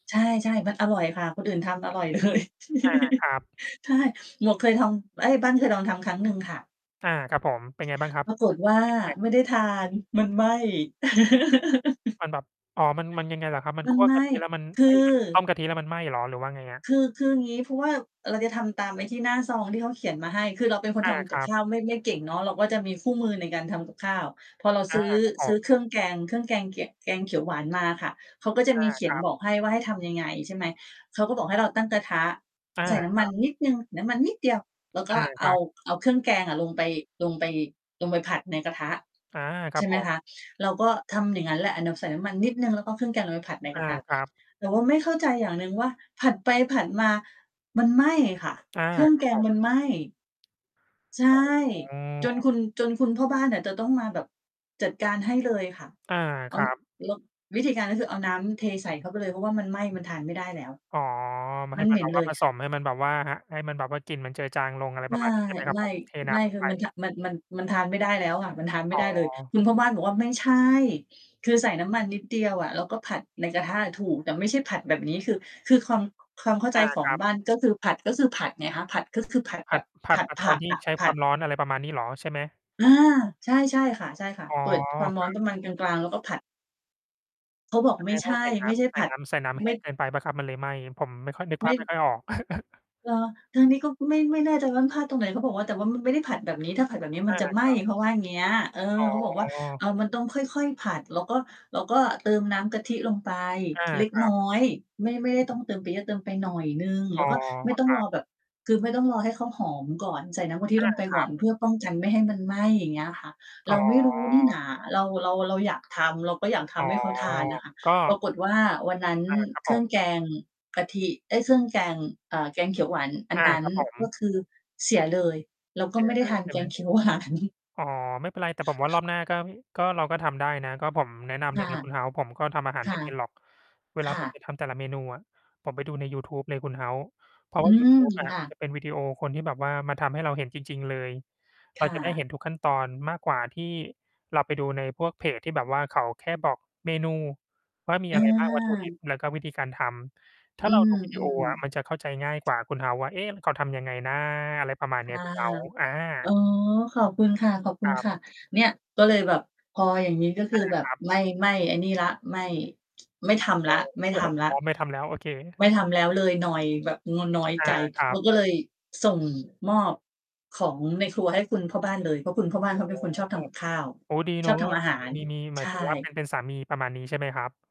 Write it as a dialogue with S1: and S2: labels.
S1: ใช่ ๆ มันอร่อยค่ะ คนอื่นทำอร่อย เลย
S2: อา ครับ
S1: ใช่ หมวกเคยทำ เอ๊ย บ้านเคยลองทำครั้งหนึ่งค่ะ
S2: อา ครับผม เป็นไงบ้างครับ?
S1: ปรากฏว่า
S2: พริกแกง
S1: ไม่ได้ทาน มันไหม้
S2: มันแบบ อ๋อ มัน มันยังไงเหรอครับ? มัน
S1: มั
S2: ค
S1: น
S2: ั่ว
S1: ไหม
S2: กะ
S1: ้
S2: ทิแล้ว มัน
S1: ค
S2: เอ
S1: ื
S2: ๊ย
S1: อ
S2: มัน ต้มกะทิแล้วมันไหม้เหรอ? หรือว่าไงอะ?
S1: คือ คืออย่างงี้ เพราะว่าเราจะทำตามไอ้ที่หน้าซองที่เขาเขียนมาให้ คือเราเป็นคน
S2: อ
S1: ท
S2: า
S1: ำ
S2: ค
S1: กับ
S2: รั
S1: ข
S2: บ
S1: ้าวไม่ ไม่เก่งเนาะ เราก็จะมีคู่มือในการทำกับข้าว พอเรา
S2: อ
S1: ซ
S2: า
S1: ื้อ
S2: ครับ ผ
S1: ซื้อ
S2: ม
S1: เครื่องแกง เครื่องแกงแกะ แกงเขียวหวานมาค่ะ เขาก็จะ
S2: อ
S1: มี
S2: า
S1: เขีย
S2: ค
S1: น
S2: รับ
S1: บอกให้ว่าให้ทำยังไง ใช่ไหม เขาก็บอกให้เราตั้งกระทะ
S2: อา
S1: ใส่น้
S2: ค
S1: ำม
S2: ร
S1: ั
S2: ั
S1: น
S2: บ
S1: นิดหนึ่ง น้ำมันนิดเดียว แล้วก
S2: อ
S1: ็
S2: า
S1: เ
S2: ค
S1: อ
S2: รั
S1: า
S2: บ
S1: เอาเครื่องแกงอะลงไป ลงไป ลงไปผัดในกระทะ
S2: อา ค
S1: ใ
S2: รั
S1: ช
S2: บ
S1: ่ไห
S2: ผ
S1: ม
S2: ม
S1: คะ เราก็ทำอย่างงั้นแหละ อะนำ ใส่น้ำมันนิดหนึ่ง แล้วก็เครื่องแกงลงไปผัดใน
S2: อ
S1: กร
S2: า
S1: ะทะ
S2: ครับ
S1: แต่ว่าไม่เข้าใจอย่างหนึ่งว่า ผัดไปผัดมามันไหม้ค่ะ
S2: อา
S1: เครื่อง
S2: ครั
S1: แก
S2: บผ
S1: งมั
S2: ม
S1: นไหม้ ใช่
S2: อ๋
S1: จน
S2: อ
S1: คุณ จนคุณพ่อบ้านน่ะ จะต้องมาแบบจัดการให้เลยค่ะ
S2: อา
S1: เอ
S2: ค
S1: า
S2: รับ
S1: แล้ว วิธีการก็คือเอาน้ำเทใส่เข้าไปเลย เพราะว่ามันไหม้ มันทานไม่ได้แล้ว
S2: อ๋อ มัน ใ
S1: ม
S2: ห
S1: ั
S2: ้
S1: น
S2: ม
S1: เ
S2: ั
S1: หม
S2: น
S1: ็
S2: แบ
S1: น
S2: บ
S1: เ
S2: ว
S1: ล
S2: ่า
S1: ย
S2: ผสม ให้มันแบบว่า หะ ให้มันแบบว่ากลิ่นมันเจอจางลง อะไรป
S1: ไ
S2: ร
S1: ม
S2: ะมาณ นี้ ใช่ไหมครับผม? เทน้
S1: ่
S2: ำ
S1: ๆ
S2: ล
S1: ๆ ค
S2: ง
S1: ือ
S2: ไป
S1: มัน ท มัน มัน มันทานไม่ได้แล้วอะ มันทานไม่
S2: อ๋
S1: ได้เลย
S2: อ
S1: คุณพ่อบ้านบอกว่า "ไม่ใช่ คือใส่น้ำมันนิดเดียวอะ แล้วก็ผัดในกระทะอะถูก แต่ไม่ใช่ผัดแบบนี้" คือ คือความ ความเข้าใ
S2: อ
S1: จ
S2: า
S1: ขอ
S2: ค
S1: ง
S2: รับ
S1: บ้าน ก็คือผัด ก็คือผัดไงคะ ผัด ตือ คือ ผัด
S2: ผ
S1: แบ
S2: ัด
S1: บ
S2: ผั
S1: ผ
S2: ด
S1: ัด
S2: ผัด
S1: ผ
S2: ตอ
S1: ั
S2: น
S1: ก
S2: ที่
S1: อะ
S2: ใช้
S1: ผ
S2: คว
S1: ั
S2: า
S1: ด
S2: มร้อน อะไรประมาณนี้เหรอใช่ไหม?
S1: อา ใช่ ๆ ค่ะ ใช่ค่ะ
S2: อ๋อ
S1: เปิดความร
S2: ค
S1: ้อ
S2: รั
S1: น
S2: บ
S1: ประมาณกลาง ๆ แล้วก็ผัด เขาบอก
S2: แส
S1: "ไม
S2: ด
S1: ่
S2: ง
S1: ใช
S2: ว่า
S1: ่
S2: ใส่น
S1: ไ
S2: ้
S1: ม่ใช่
S2: ำ ใส
S1: ผ
S2: ่
S1: ัด
S2: น้ำ ใส่น้ำแ
S1: ไ
S2: ห
S1: ม
S2: ้
S1: ่"
S2: งเกินไปเปล่าครับ? มันเลยไหม้ ผมไม่ค่อย นึก
S1: ไ
S2: ภ
S1: ม่
S2: าพไม่ค่อยออก
S1: เหรอ? ทางนี้ก็ไม่ ไม่แน่ใจว่า มันพลาดตรงไหน? เขาบอกว่า "แต่ว่ามันไม่ได้ผัดแบบนี้ ถ้าผัดแบบนี้ม
S2: อ
S1: ัน
S2: า
S1: จะไหม
S2: ค
S1: ้"
S2: รับ
S1: เขาว่าเงี้ย เออ
S2: อ๋
S1: เขาบอกว่า "เ
S2: อ
S1: อา มันต้องค่อย ๆ ผัด แล้วก็ แล้วก็เติมน้ำกะทิลงไป
S2: อา
S1: เล็ก
S2: ครั
S1: น้อ
S2: บ
S1: ย ไม่ ไม่ได้ต้องเติมไปเยอะ เติมไปหน่อยหนึ่ง แ
S2: อ๋
S1: ล้ว
S2: อ
S1: ก็ไม่ต้อ
S2: ค
S1: ง
S2: ร
S1: ร
S2: ั
S1: อ
S2: บ
S1: แบบ คือไม่ต้องรอให้เขาหอมก่อน ใส่น้ำกะทิ
S2: อ
S1: ล
S2: า
S1: งไป
S2: ค
S1: ก
S2: ร
S1: ่
S2: ั
S1: อ
S2: บ
S1: น เพื่อป้องกันไม่ให้มันไหม้" อย่างเงี้ยค่ะ
S2: อ
S1: เ
S2: ๋
S1: ราไม่รู้นี่น
S2: อ
S1: า เรา เรา เราอยากทำ เราก็อยากท
S2: อ๋อ
S1: ำให้เขาทานอะค่ะ
S2: ก็
S1: ปรากฏว่าวันนั้น
S2: อา ครับ
S1: เค
S2: ผ
S1: รื่อ
S2: ม
S1: งแกงกะทิ เอ๊ย เครื่องแกง อ่า แกงเขียวหวานอัน
S2: อา
S1: นั้น
S2: ครับผม
S1: ก็คือเสียเลย เราก
S2: เส
S1: ็
S2: ี
S1: ไม
S2: ย
S1: ่ได
S2: เ
S1: ้
S2: ล
S1: ท
S2: ย
S1: าน
S2: ใช่
S1: แก
S2: ไหม?
S1: งเขียว หวาน
S2: อ๋อ ไม่เป็นไร แต่ผมว่ารอบหน้า ก็ ก็ เราก็ทำได้นะ ก็ผมแนะนำ
S1: ค
S2: เล
S1: ่
S2: ย
S1: ะ
S2: นะคุณ House ผมก็ทำอาหา
S1: ค
S2: ร ไ
S1: ่
S2: ม
S1: ะ
S2: ่ เป็นหรอก เว
S1: ค
S2: ลา
S1: ่
S2: ผมไ
S1: ะ
S2: ป ทำแต่ละเมนูอะ ผมไปดูในยูทูบเลยคุณ House เพราะ
S1: อ
S2: ว
S1: ื
S2: ่ายู
S1: ม
S2: ทูบอะ
S1: ค่ะ
S2: จะเป็นวิดีโอคนที่แบบว่า มาทำให้เราเห็นจริง ๆ เลย เ
S1: ค
S2: รา
S1: ่
S2: จะได้เห็
S1: ะ
S2: นทุกขั้นตอนมากกว่าที่เราไปดูในพวกเพจที่แบบว่า เขาแค่บอกเมนูว่ามีอะไร บ้าง วัตถุดิ
S1: อา
S2: บ แล้วก็วิธีการทำ ถ้
S1: อ
S2: า
S1: ื
S2: เรา ดู
S1: อ
S2: วีดีโอ อะ
S1: ๆ
S2: มันจะเข้าใจง่ายกว่าคุณ House ว่า "เอ๊ะ มัน เขาทำยังไงนะ?" อะไรประมาณ
S1: ค
S2: นี้
S1: ่ะ
S2: คุณ House อ
S1: อ๋อ
S2: า
S1: ขอบคุณค
S2: ครับ
S1: ่ะ ๆ เนี่ย ก็เลยแบบ พออย่างงี้ก็ค
S2: อ
S1: ือ
S2: า
S1: แบ
S2: ค
S1: บ
S2: รับ
S1: ไม่ ไม่ไอ้นี่แล้ว ไม่ ไม่ทำแล้ว
S2: [unintelligible]
S1: ไม
S2: เ
S1: ่
S2: ครื่
S1: ท
S2: องไม่
S1: ำแล้
S2: พ
S1: ว
S2: ร้อม ไม่ทำแล้ว โอเค
S1: ไม่ทำแล้วเลย นอยแบบงอน น้อย
S2: อ
S1: ใจ
S2: า คร
S1: เ
S2: ั
S1: รา
S2: บ
S1: ก็เลยส่งมอบของในครัวให้คุณพ่อบ้านเลย เพราะคุณพ่อบ้า
S2: โ
S1: น
S2: อ
S1: เ
S2: ้
S1: ขาเป
S2: โ
S1: ็
S2: ฮ
S1: นคนชอบทำกับข้าว
S2: โอ้ ดีเ
S1: ช
S2: นา
S1: อ
S2: ะ
S1: บทำอาหาร
S2: มี มี หม
S1: ใช
S2: าย
S1: ่
S2: ถึงว่าเป็น เป็นสามี ประมาณนี้ใช่ไหมครับ?